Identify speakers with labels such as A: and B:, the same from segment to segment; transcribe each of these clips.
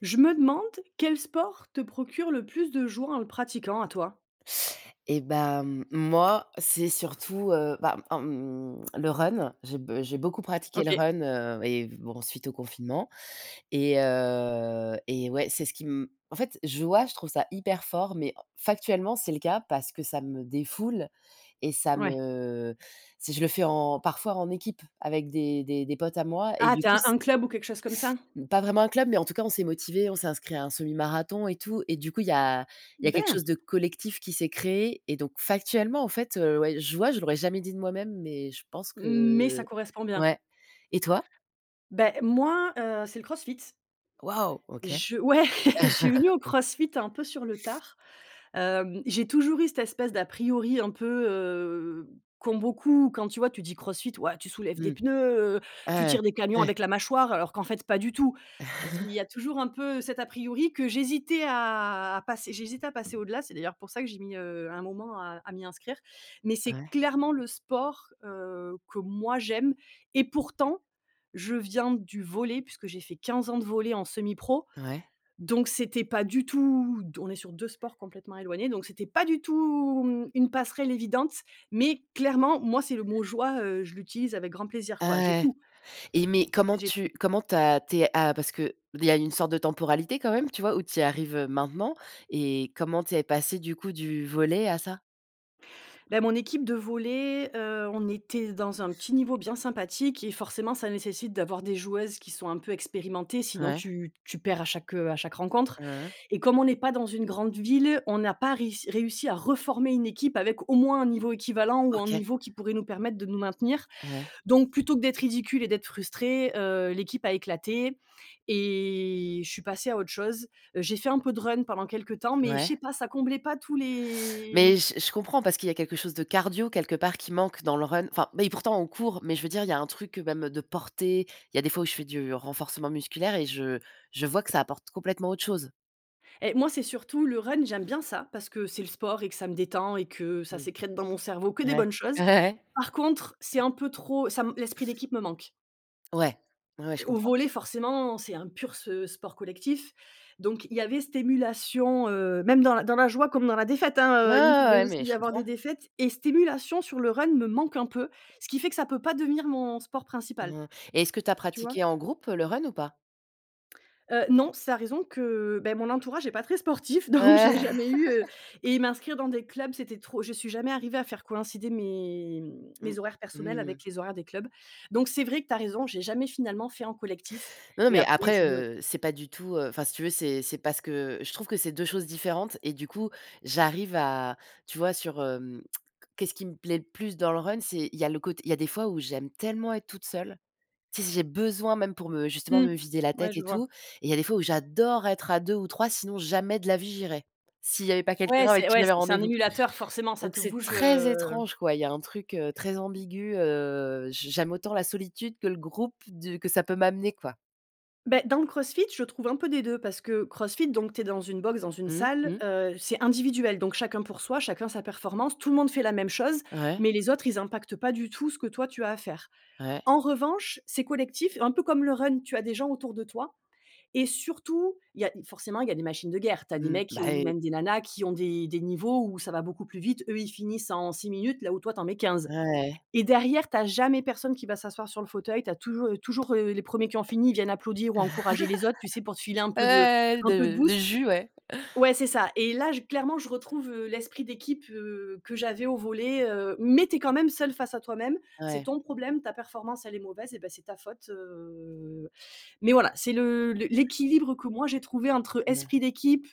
A: Je me demande quel sport te procure le plus de joie en le pratiquant à toi?
B: Et bah, mmh moi c'est surtout heu, bah en mmh le run j'ai b j'ai beaucoup pratiqué le
A: OK.
B: run, heu et bon suite au confinement, et heu et ouais c'est ce qui m en fait je vois je trouve ça hyper fort. Mais factuellement c'est le cas parce que ça me défoule, et ça
A: Ouais.
B: me si je le fais en parfois en équipe avec des des des potes à moi et
A: Ah
B: du
A: tu
B: coup
A: as
B: c'est
A: un club ou quelque chose comme ça?
B: Mmh, pas vraiment un club mais en tout cas on s'est motivés, on s'est inscrit à un semi marathon et tout et du coup il y a il y a quelque
A: Ben
B: chose de collectif qui s'est créé, et donc factuellement en fait, heu, ouais. Je vois je l'aurais jamais dit de moi-même mais je pense
A: Mmh, mais ça
B: que,
A: correspond bien.
B: ouais, et toi?
A: Beh moi, heu, c'est le CrossFit.
B: Waouh, OK.
A: Je ouais, je suis venue au CrossFit un peu sur le tard, hem, j'ai toujours eu cette espèce d'a priori un peu, heu, comme beaucoup quand tu vois tu dis CrossFit: «Ouais tu soulèves des
B: Mmh.
A: pneus, heu, tu
B: Ah
A: tires des
B: ouais,
A: camions
B: ouais.
A: avec la mâchoire» alors qu'en fait pas du tout. Z il y a toujours un peu cet à priori que j'hésitais à à passer j'hésitais à passer au-delà, c'est d'ailleurs pour ça que j'ai mis, heu, un moment à à m'y inscrire. Mais c'est
B: Ouais.
A: clairement le sport, heu, que moi j'aime et pourtant je viens du volley puisque j'ai fait 15 ans de volley en semi-pro,
B: Ouais.
A: donc c'était pas du tout d on est sur 2 sports complètement éloignés donc c'était pas du tout mmh, une passerelle évidente. Mais clairement moi c'est le mot joie, heu, je l'utilise avec grand plaisir quoi,
B: Ah
A: j'ai
B: ouais.
A: tout
B: Et mais comment
A: j'ai tout
B: tu comment tu as tu es, heu, a parce que il y a une sorte de temporalité quand même, tu vois? Où tu y arrives, heu, maintenant, et comment tu es passée du coup du volley à ça?
A: Bah mon équipe de volley, heu, on était dans un petit niveau bien sympathique et forcément ça nécessite d'avoir des joueuses qui sont un peu expérimentées. Sinon
B: Ouais.
A: tu tu perds à chaque, heu à chaque rencontre.
B: Mmh mh.
A: Et comme on n'est pas dans une grande ville, on n'a pas réuss réussi à reformer une équipe avec au moins un niveau équivalent ou un
B: OK.
A: niveau qui pourrait nous permettre de nous maintenir.
B: Ouais.
A: Donc plutôt que d'être ridicule et d'être frustrée, heu, l'équipe a éclaté et je suis passée à autre chose, heu j'ai fait un peu de run pendant quelque temps. Mais je
B: Ouais.
A: sais pas, ça comblait pas tous les
B: Mais je je comprends parce qu'il y a quelque chose de cardio quelque part qui manque dans le run. Enfin beh et pourtant, on court. Mais je veux dire, il y a un truc, heu, même, heu, de porter. Il y a des fois où je fais du renforcement musculaire et je je vois que ça apporte complètement autre chose.
A: Et moi c'est surtout le run j'aime bien ça, parce que c'est le sport et que ça me détend et que ça
B: Mmh.
A: sécrète dans mon cerveau que des
B: Ouais,
A: bonnes choses.
B: ouais, ouais.
A: Par contre c'est un peu trop ça me l'esprit d'équipe me manque
B: Ouais, ouais, ouais, je
A: au
B: comprends.
A: volley forcément c'est un pur se sport collectif. Donc il y avait cette émulation, heu, même dans la dans la joie comme dans la défaite
B: Ouais,
A: hein,
B: ouais,
A: heu, il
B: ouais,
A: pouvait
B: ouais,
A: aussi
B: mais je
A: y avoir
B: comprends.
A: des défaites et cette émulation sur le run me manque un peu. Ce qui fait que ça peut pas devenir mon sport principal,
B: Hein et est-ce que tu as
A: tu vois?
B: pratiqué en groupe, heu, le run ou pas?
A: Heu non c'est à raison que beh mon entourage est pas très sportif donc j'ai
B: Ah
A: jamais eu, heu et m'inscrire dans des clubs c'était trop, je suis jamais arrivée à faire coïncider mes mmh
B: Mmh
A: mes horaires personnels
B: mh
A: avec les horaires des clubs. Donc c'est vrai que tu as raison j'ai jamais finalement fait en collectif
B: Non, non,
A: et
B: mais
A: après je
B: après,
A: suis venue on
B: heu, c'est pas du tout, heu enfin si tu veux, c'est c'est parce que je trouve que c'est 2 choses différentes et du coup, j'arrive à tu vois sur hem qu'est-ce qui me plaît le plus dans le run? C'est il y a le côte il y a des fois où j'aime tellement être toute seule, tu sais? Si j'ai besoin même pour me justement
A: Mmh.
B: me vider la
A: Ouais
B: tête
A: je
B: et
A: vois.
B: tout, et il y a des fois où j'adore être à 2 ou 3 sinon jamais de la vie j'irais, s'il y avait pas
A: Ouais,
B: quelqu'un avec
A: c'est
B: qui
A: ouais
B: j'avais
A: c'est un
B: rendez-vous.
A: émulateur, forcément ça
B: Donc
A: te
B: c'est
A: bouge,
B: très
A: heu
B: étrange quoi. Il y a un truc, heu, très ambigu, heu, j j'aime autant la solitude que le groupe du que ça peut m'amener quoi.
A: Beh dans le Crossfit je trouve un peu des 2 parce que Crossfit donc tu es dans une box, dans une
B: Mmh
A: salle,
B: mh.
A: heu c'est individuel donc chacun pour soi, chacun sa performance tout le monde fait la même chose.
B: Ouais.
A: Mais les autres ils impactent pas du tout, ce que toi tu as à faire.
B: Ouais.
A: En revanche c'est collectif, un peu comme le run. Tu as des gens autour de toi et surtout il y a forcément il y a des machines de guerre. Tu as des
B: Mmh.
A: mecs
B: Bah
A: ou
B: oui.
A: même des nanas qui ont des des niveaux où ça va beaucoup plus vite, eux ils finissent en 6 minutes là où toi tu en mets 15
B: Ouais.
A: et derrière tu as jamais personne qui va s'asseoir sur le fauteuil. Tu as toujou heu, toujours, heu, les premiers qui ont fini, ils viennent applaudir ou encourager les autres, tu sais pour te filer un peu de
B: Ouais
A: un peu de
B: de de
A: boost.
B: jus ouais.
A: Ouais c'est ça, et là j clairement je retrouve, heu, l'esprit d'équipe, heu, que j'avais au volley, heu, mais tu es quand même seule face à toi-même, c'est
B: Ouais.
A: ton problème. Ta performance elle est mauvaise et beh, c'est ta faute heu, mais voilà, c'est le les l'équilibre que moi j'ai trouvé entre, heu,
B: [unintelligible]
A: esprit d'équipe,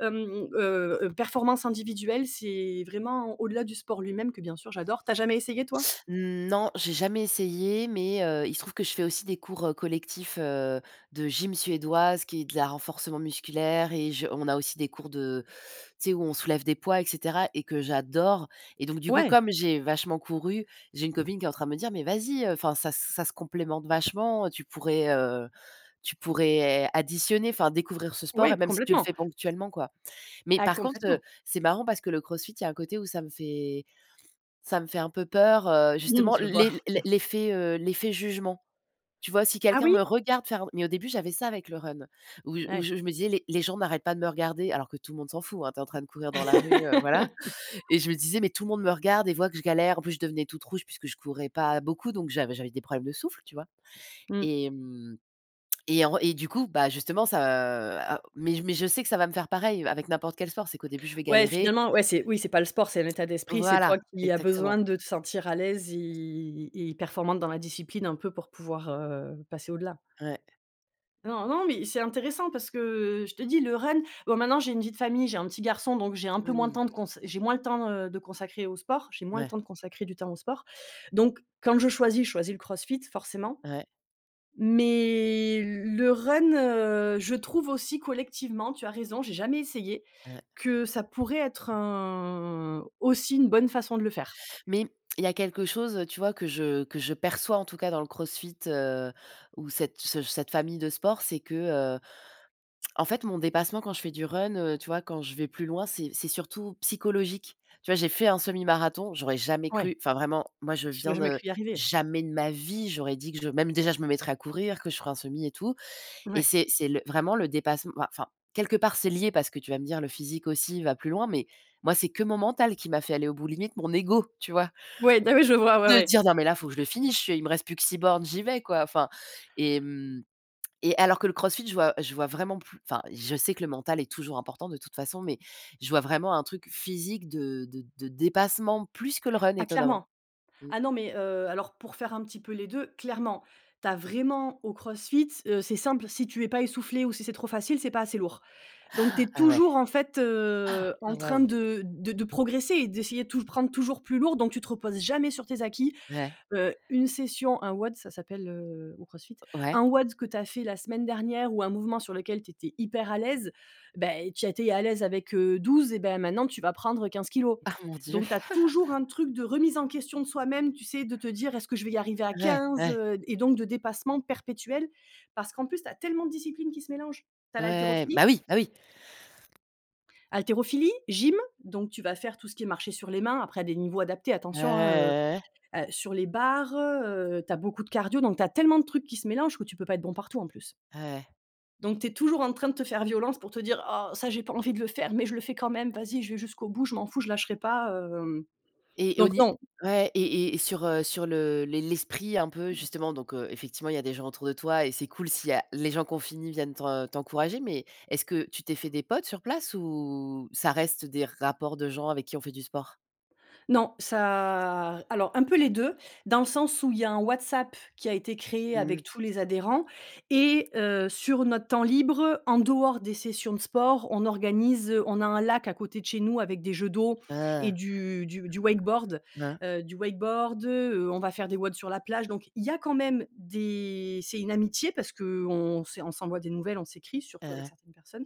A: hem, heu heu, performance individuelle. C'est vraiment au-delà du sport lui-même que bien sûr j'adore. Tu as jamais essayé toi?
B: Non, j'ai jamais essayé, mais, heu, il se trouve que je fais aussi des cours, heu, collectifs, heu, de gym suédoise qui est de la renforcement musculaire et je on a aussi des cours de tu sais où on soulève des poids et cetera et que j'adore et donc, du coup,
A: Ouais.
B: comme j'ai vachement couru, j'ai une copine qui est en train de me dire: «Mais vas-y, heu, enfin ça ça se complémente vachement, heu, tu pourrais, heu tu pourrais additionner, enfin découvrir ce sport et
A: Ouais
B: même si tu le
A: complètement.
B: fais ponctuellement quoi». Mais
A: Ah
B: par contre, heu,
A: complètement.
B: c'est marrant parce que le CrossFit, il y a un côté où ça me fait ça me fait un peu peur, heu,
A: Mmh,
B: justement
A: je vois.
B: les l'effet, heu l'effet jugement. Tu vois si
A: Ah
B: quelqu'un
A: oui?
B: me regarde faire. Mais au début j'avais ça avec le run où j où
A: Ouais.
B: je je me disais les les gens n'arrêtent pas de me regarder, alors que tout le monde s'en fout, hein. Tu es en train de courir dans la rue heu, voilà, et je me disais: «Mais tout le monde me regarde et voit que je galère», en plus, je devenais toute rouge puisque je courais pas beaucoup. Donc j'avais j'avais des problèmes de souffle, tu vois?
A: Mmh.
B: Et mmh et en et du coup, bah, justement, ça mais je mais je sais que ça va me faire pareil avec n'importe quel sport. C'est qu'au début, je vais
A: Ouais
B: galérer.
A: finalement, ouais, c'est oui c'est pas le sport, c'est un état d'esprit, c'est
B: Voilà,
A: toi qui a
B: exactement.
A: besoin de te sentir à l'aise et et performante dans la discipline, un peu pour pouvoir, heu, passer au-delà.
B: Ouais.
A: Non, non, mais c'est intéressant parce que, heu, je te dis le run bon maintenant j'ai une vie de famille, j'ai 1 petit garçon donc j'ai un peu moins de
B: Mmh.
A: temps de cons j'ai moins le temps, heu, de consacrer au sport, j'ai moins le temps
B: Ouais.
A: de consacrer du temps au sport, donc quand je choisis, je choisis le CrossFit forcément,
B: Ouais.
A: mais l le run, heu, je trouve aussi collectivement tu as raison j'ai jamais essayé,
B: Ouais.
A: que ça pourrait être un aussi une bonne façon de le faire.
B: Mais il y a quelque chose, heu, tu vois? Que je que je perçois, en tout cas, dans le CrossFit, heu, ou cette ce cette famille de sport c'est que, heu, en fait mon dépassement quand je fais du run, heu, tu vois? Quand je vais plus loin, c'est c'est surtout psychologique. Tu vois? J'ai fait un semi-marathon, j'aurais jamais
A: Ouais.
B: cru, enfin vraiment, moi je
A: Tu as
B: viens
A: jamais
B: de
A: cru y arriver.
B: jamais de ma vie j'aurais dit que je même déjà je me mettrais à courir, que je ferais un semi et tout et
A: Ouais.
B: c'est c'est le vraiment le dépassement, mouais enfin quelque part, c'est lié parce que tu vas me dire: «Le physique aussi va plus loin.» Mais moi, c'est que mon mental qui m'a fait aller au bout, limite mon ego, tu vois
A: Ouais, bah ouais, je vois, ouais,
B: de
A: ouais.
B: dire: «Non mais là, faut que je le finisse, je suis, il me reste plus que 6 bornes, j'y vais, quoi». Enfin et mmh et alors que le CrossFit, je vois je vois vraiment plus enfin je sais que le mental est toujours important de toute façon mais je vois vraiment un truc physique de de de dépassement, plus que le run,
A: Ah
B: étonnamment
A: clairement.
B: mmh.
A: Ah non mais heu, alors pour faire un petit peu les 2, clairement. Tu as vraiment au CrossFit, heu, c'est simple, si tu es pas essoufflée ou si c'est trop facile, c'est pas assez lourd, donc tu es
B: Ah ouais.
A: toujours, en fait, heu, en
B: Ah
A: train
B: waouh!
A: de de de progresser et d'essayer tout, prendre toujours plus lourd donc tu te reposes jamais sur tes acquis.
B: Ouais.
A: Heu, une session, un WOD ça s'appelle, heu, au Crossfit,
B: Ouais.
A: un WOD que tu as fait la semaine dernière, ou un mouvement sur lequel tu étais hyper à l'aise, bah et tu étais à l'aise avec, heu, 12 et bah maintenant tu vas prendre 15 kilos.
B: Ah mon dieu.
A: Donc tu as toujours un truc de remise en question de soi même, tu sais de te dire: «Est-ce que je vais y arriver à
B: Ouais,
A: 15,?
B: ouais.
A: Heu, et donc de dépassement perpétuel, parce qu'en plus, tu as tellement de disciplines qui se mélangent. Tu as
B: Ouais,
A: l'haltérophilie
B: bah oui, bah oui.
A: haltérophilie, gym, donc tu vas faire tout ce qui est marcher sur les mains, après à des niveaux adaptés attention, hein, heu,
B: Ouais.
A: ah, sur les barres, heu heu, tu as beaucoup de cardio, donc tu as tellement de trucs qui se mélangent, que tu peux pas être bon partout, en plus
B: Ouais.
A: donc tu es toujours en train de te faire violence pour te dire: «Oh ça, j'ai pas envie de le faire mais je le fais quand même, vas-y, je vais jusqu'au bout, je m'en fous je lâcherai pas». Heu, hem,
B: Et au
A: donc
B: ni
A: non
B: ouais et et sur, heu, sur le les l'esprit un peu justement, donc heu, effectivement il y a des gens autour de toi et c'est cool s'il y a les gens qu'on finit viennent t'en t'encourager mais est-ce que tu t'es fait des potes sur place, ou ça reste des rapports de gens avec qui ont fait du sport?
A: Non, ça. Alors un peu les 2, dans le sens où il y a un WhatsApp qui a été créé
B: Mmh.
A: avec tous les adhérents et heu, sur notre temps libre, en dehors des sessions de sport on organise, on a un lac à côté de chez nous, avec des jeux d'eau et
B: Hein.
A: du du du wakeboard.
B: Hein.
A: Heu, du wakeboard, heu, on va faire des WODs sur la plage donc il y a quand même des c'est une amitié parce qu'on c'est on s'envoie des nouvelles, on s'écrit
B: Hein
A: surtout avec
B: hein.
A: certaines personnes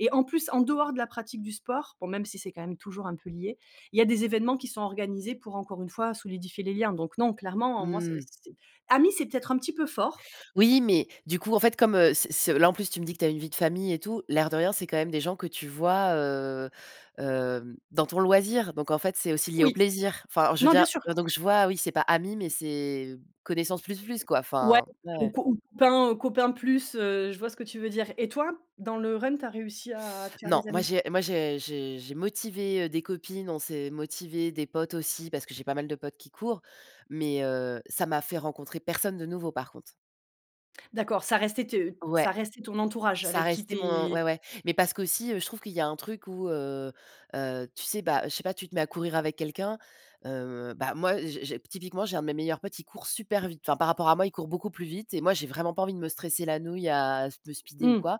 A: et en plus, en dehors de la pratique du sport- bon même si c'est quand même toujours un peu lié- il y a des événements qui sont organisés, pour encore une fois, solidifier les liens, donc non, clairement, heu, moi c'est
B: Mmh.
A: c'est amis c'est peut-être un petit peu fort.
B: Oui, mais du coup, en fait, comme, heu, c'est c'est là, en plus, tu me dis que tu as une vie de famille et tout, l'air de rien, c'est quand même des gens que tu vois, heu, hem, dans ton loisir, donc en fait, c'est aussi lié au
A: Oui.
B: plaisir. Enfin, je veux
A: Non bien
B: dire,
A: sûr.
B: donc je vois, oui, c'est pas amis, mais c'est, connaissances plus plus quoi,
A: Ouais,
B: enfin. Ouais, ouais.
A: [unintelligible] copains, heu, copains plus, heu, je vois ce que tu veux dire et toi? Dans le run tu as réussi à te faire
B: Non,
A: des
B: moi
A: amis?
B: j'ai moi je j'ai j'ai motivé, heu, des copines, on s'est motivé, des potes aussi parce que j'ai pas mal de potes qui courent, mais heu, ça m'a fait rencontrer personne de nouveau par contre.
A: D'accord ça restait tes
B: Ouais.
A: ça restait ton entourage
B: Ça
A: avec qui
B: restait
A: tu
B: mon
A: es
B: ouais, ouais, mais parce qu'aussi, heu, je trouve qu'il y a un truc où, heu heu, tu sais, bah, heu, je sais pas tu te mets à courir avec quelqu'un. Heu, bah moi, j'ai j'ai typiquement, j'ai un de mes meilleurs potes, il court super vite. Enfin, par rapport à moi, il court beaucoup plus vite et moi, j'ai vraiment pas envie de me stresser la nouille, à me speeder ou
A: Mmh.
B: quoi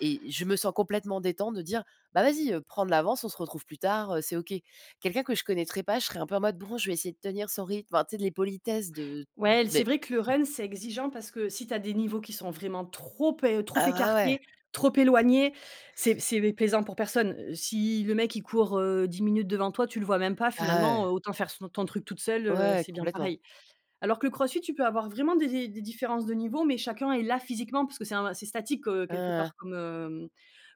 B: et je me sens complètement détente de dire: «Bah vas-y, heu, prends de l'avance, on se retrouve plus tard. Heu, c'est OK.» Quelqu'un que je connaîtrais pas, je serais un peu en mode: «bon, je vais essayer de tenir son rythme» enfin tu sais les politesses de
A: Ouais et l c'est
B: beh
A: vrai que le run c'est exigeant parce que si tu as des niveaux qui sont vraiment trop pe trop
B: Ah bah, ouais.
A: écartés, trop éloignés, c'est c'est, beh, plaisant pour personne. Heu, si le mec il court, heu, 10 minutes devant toi, tu le vois même pas
B: Ah
A: finalement,
B: ouais.
A: heu, autant faire son ton truc toute seule, heu,
B: Ouais,
A: c'est bien
B: complètement.
A: pareil. Alors que le CrossFit tu peux avoir vraiment des des des différences de niveau mais chacun est là physiquement parce que c'est un c'est statique, heu,
B: Hein
A: quelque
B: hein.
A: part comme, hem,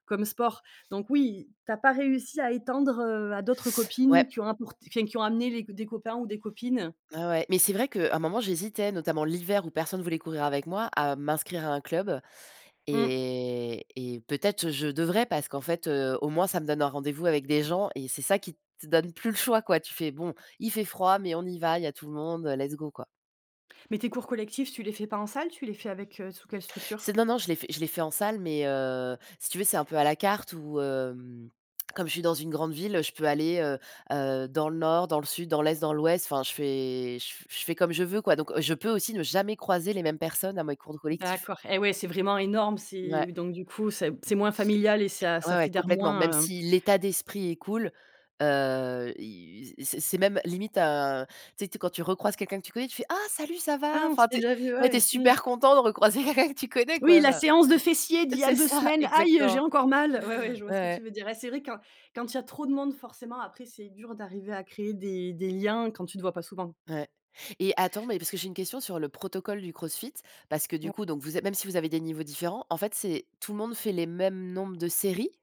A: comme sport, donc oui, tu as pas réussi à étendre, heu, à d'autres copines
B: Ouais.
A: qui ont apport enfin qui ont amené les des copains ou des copines?
B: Ouais, ouais, mais c'est vrai que, un moment j'hésitais, notamment l'hiver où personne voulait courir avec moi, à m'inscrire à un club
A: Mmh.
B: et et peut-être je devrais parce qu'en fait, heu, au moins ça me donne un rendez-vous avec des gens et c'est ça qui te donne plus le choix quoi, tu fais bon: «Il fait froid mais on y va, il y a tout le monde, heu, let's go quoi».
A: Mais tes cours collectifs, tu les fais pas en salle? Tu les fais avec, heu, sous quelle structure?
B: C'est non, non, je l'ai fait je l'ai fait en salle mais heu, si tu veux c'est un peu à la carte où, hem, comme je suis dans une grande ville, heu, je peux aller, heu heu, dans le Nord, dans le Sud, dans l'Est, dans l'Ouest. Enfin, je fais je f je fais comme je veux, quoi, donc je peux aussi ne jamais croiser les mêmes personnes à mes cours de collectif.
A: D'accord et ouais c'est vraiment énorme, c'est
B: Ouais.
A: donc du coup c'est c'est moins familial et ça
B: Ouais,
A: ça
B: ouais,
A: fédère
B: complètement. Même
A: moins, heu
B: si l'état d'esprit est cool, heu, i c'est c'est même limite, heu, tu sais tu sais quand tu recroises quelqu'un que tu connais, tu fais: «Ah salut, ça va?»
A: «Ah on s'est
B: Enfin, tu es
A: déjà vu,
B: ouais, tu es
A: ouais». Mmh.
B: super content de recroiser quelqu'un que tu connais, quoi,
A: «Oui la
B: enfin.
A: séance de fessiers d'il y a
B: C'est
A: 2
B: ça,
A: semaines. Aïe, heu, j'ai
B: exactement.
A: encore mal». Ouais, ouais je vois
B: Ouais,
A: ce que tu
B: ouais.
A: veux dire et c'est vrai quand quand il y a trop de monde forcément après c'est dur d'arriver à créer des des liens quand tu te vois pas souvent.
B: Ouais et attends mais parce que j'ai une question sur le protocole du CrossFit, parce que du
A: [unintelligible]
B: coup donc vous êtes même si vous avez des niveaux différents, en fait c'est tout le monde fait les mêmes nombres de séries?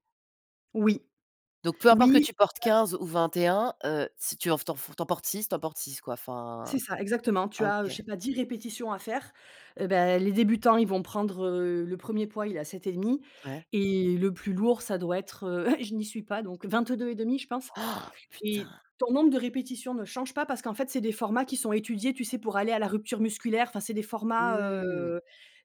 A: Oui.
B: Donc peu importe que
A: Oui,
B: tu portes
A: bah
B: 15 ou 21 heu, si tu en f tu en four tu en portes 6, tu en portes 6, quoi. Enfin
A: C'est ça, exactement tu
B: ah
A: as, heu, je
B: OK.
A: sais pas 10 répétitions à faire, heu, bah, les débutants ils vont prendre heu, le premier poids il est à 7,5,
B: Ouais.
A: et le plus lourd ça doit être, heu, je n'y suis pas donc 22,5, je pense.
B: Oh!
A: Et
B: Putain!
A: ton nombre de répétitions ne change pas, parce qu'en fait c'est des formats qui sont étudiés, tu sais, pour aller à la rupture musculaire. Enfin c'est des formats,
B: Mmh.
A: heu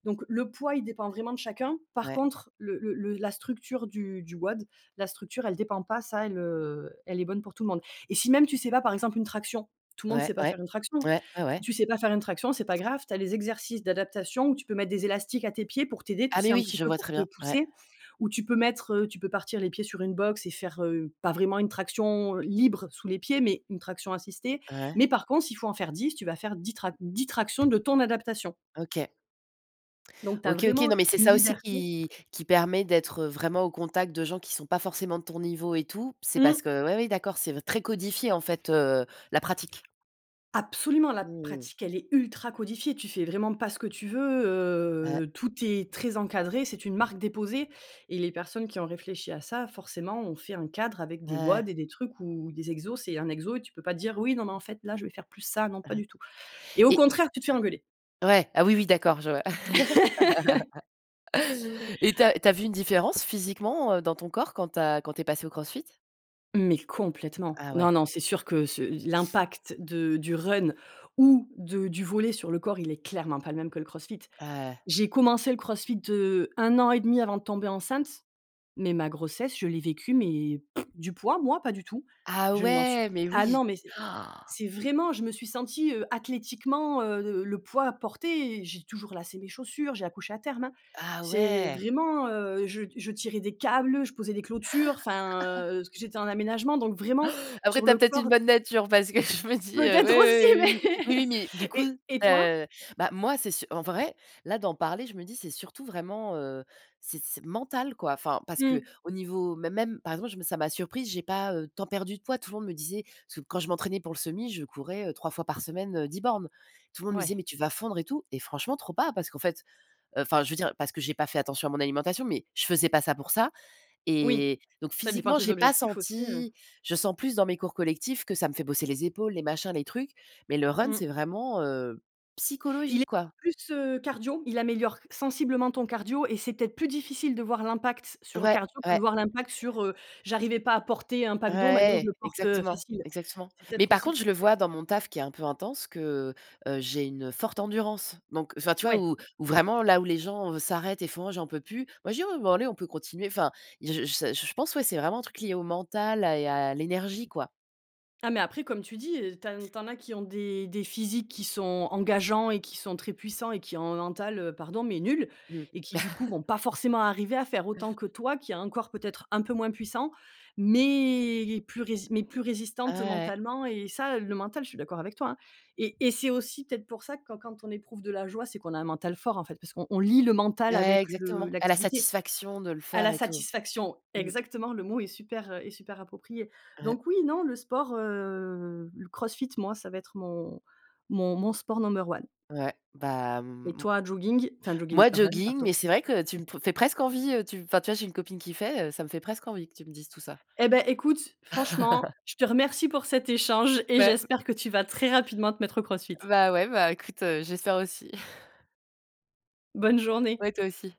A: donc le poids il dépend vraiment de chacun, par
B: Ouais.
A: contre le le le la structure du du WOD, la structure elle dépend pas, ça, elle, heu, elle est bonne pour tout le monde. Et si même tu sais pas, par exemple une traction, tout le monde
B: Ouais,
A: sait pas
B: ouais.
A: faire une traction,
B: Ouais. Ouais, ouais.
A: tu sais pas faire une traction, c'est pas grave: tu as les exercices d'adaptation où tu peux mettre des élastiques à tes pieds pour t'aider, tu
B: Ah,
A: sais
B: mais
A: un
B: oui,
A: petit
B: je
A: peu
B: vois
A: pour
B: très
A: te
B: bien. Ouais.
A: pousser, ou tu peux mettre, heu tu peux partir les pieds sur une box et faire, heu, pas vraiment une traction libre sous les pieds, mais une traction assistée.
B: Ouais.
A: Mais par contre s'il faut en faire 10 tu vas faire 10 trac 10 tractions de ton adaptation.
B: OK.
A: Donc tu as
B: OK, OK.
A: vraiment
B: Non, mais c'est
A: une
B: ça aussi
A: liberté
B: qui qui permet d'être, heu, vraiment au contact de gens qui sont pas forcément de ton niveau et tout. C'est
A: Mmh.
B: parce que oui oui d'accord, c'est v très codifié en fait, heu, la pratique.
A: Absolument: la
B: Mmh.
A: pratique elle est ultra codifiée, tu fais vraiment pas ce que tu veux,
B: Ouais.
A: heu, tout est très encadré, c'est une marque déposée et les personnes qui ont réfléchi à ça, forcément, ont fait un cadre avec des
B: Ouais.
A: WOD et des trucs où des exos, c'est un exo et tu peux pas dire: «Oui, non mais, en fait là, je vais faire plus ça». Non pas
B: Hem
A: du tout et au
B: Et
A: contraire tu te fais engueuler.
B: Ouais. Ah oui, oui d'accord, je vois et tu as tu as vu une différence physiquement, heu, dans ton corps quand tu as quand tu es passé au CrossFit?
A: Mais complètement.
B: Ah ouais.
A: Non, non, c'est sûr que ce l'impact de du run ou de du volley sur le corps, il est clairement pas le même que le CrossFit.
B: Ah eh
A: J'ai commencé le CrossFit, heu, 1 an et demi avant de tomber enceinte, mais ma grossesse je l'ai vécue mais du poids moi? Pas du tout.
B: Ah
A: Je ne m'en suis p
B: ouais, mais
A: ah
B: oui.
A: non, mais, c'est c'est vraiment je me suis sentie, heu, athlétiquement, heu, le le poids porté, et j'ai toujours lacé mes chaussures, j'ai accouché à terme, hein.
B: Ah
A: C'est
B: ouais!
A: vraiment, heu, je je tirais des câbles, je posais des clôtures, enfin, heu- parce que j'étais en aménagement- donc vraiment
B: Après,
A: sur
B: tu as
A: le
B: peut-être une
A: corps
B: bonne nature parce que je me dis heu,
A: Peut-être aussi
B: oui, oui, oui, oui, oui. Oui, oui mais, du
A: mais
B: coup,
A: et et
B: tu
A: toi?
B: as bah moi, c'est su en vrai, là d'en parler, je me dis c'est surtout vraiment, heu, c'est c'est mental, quoi. Enfin, parce
A: Mmh.
B: qu'au niveau mê même, par exemple, je me ça m'a surprise, j'ai pas, heu, tant perdu de poids. Tout le monde me disait ce quand je m'entraînais pour le semi, je courais, heu, 3 fois par semaine, heu, 10 bornes. Tout le monde me disait:
A: Ouais.
B: «Mais tu vas fondre et tout», et franchement trop pas, parce qu'en fait, heu enfin, je veux dire, parce que j'ai pas fait attention à mon alimentation. Mais je faisais pas ça pour ça,
A: Oui.
B: et donc
A: Ça dépend
B: physiquement,
A: tes
B: j'ai pas
A: objectifs aussi, heu
B: senti Je sens plus dans mes cours collectifs que ça me fait bosser les épaules, les machins, les trucs. Mais le run,
A: Mmh.
B: c'est vraiment, heu,
A: Il est
B: psychologique, quoi.
A: plus, heu, cardio, il améliore sensiblement ton cardio et c'est peut-être plus difficile de voir l'impact sur le
B: Ouais,
A: cardio que de
B: ouais.
A: voir l'impact sur, heu: «J'arrivais pas à porter un pack d'eau, maintenant je
B: Ouais,
A: le porte, heu,
B: exactement,
A: facile».
B: exactement.
A: C'est
B: Mais
A: peut-être
B: par
A: aussi
B: contre,
A: pour
B: je le
A: ça que
B: vois dans mon taf qui est un peu intense que, heu, j'ai une forte endurance. Donc enfin, tu vois
A: Ouais.
B: où où vraiment, là où les gens, heu, s'arrêtent et font: «Oh j'en peux plus!» moi je dis: «Oui, bon, bah, allez on peut continuer», enfin j je je pense, ouais, c'est vraiment un truc lié au mental, à et à l'énergie, quoi.
A: Ah, mais après, comme tu dis, heu, tin tu en as qui ont des des physiques qui sont engageants, et qui sont très puissants, et qui ont un mental, heu, pardon mais nul,
B: Mmh.
A: et qui, du coup, vont pas forcément arriver à faire autant que toi qui as un corps peut-être un peu moins puissant, mais plus rési mais plus
B: Ah
A: résistante
B: ouais.
A: mentalement, et ça le mental, je suis d'accord avec toi, hein et et c'est aussi peut-être pour ça quand quand on éprouve de la joie, c'est qu'on a un mental fort, en fait, parce qu'on on lie le mental
B: Ouais
A: avec le
B: exactement, à la
A: l'activité.
B: satisfaction de le
A: À
B: faire
A: la
B: et tout.
A: satisfaction,
B: Mmh.
A: exactement, le mot est super, heu, est super approprié.
B: Ouais.
A: Donc oui, non, le sport, heu, le CrossFit, moi, ça va être mon mon mon sport number one.
B: Ouais, bah
A: Et
B: mmh, m
A: toi, jogging? Enfin jogging,
B: moi
A: run,
B: jogging,
A: pardon.
B: mais c'est vrai que tu me pr fais presque envie, heu, tu enfin, tu vois, j'ai une copine qui fait heu ça me fait presque envie, que tu me dises tout ça.
A: Eh beh écoute: franchement, je te remercie pour cet échange et
B: Ouais, mmh.
A: j'espère que tu vas très rapidement te mettre au CrossFit.
B: Bah ouais, bah écoute, heu, j'espère aussi.
A: Bonne journée.
B: Ouais, toi aussi.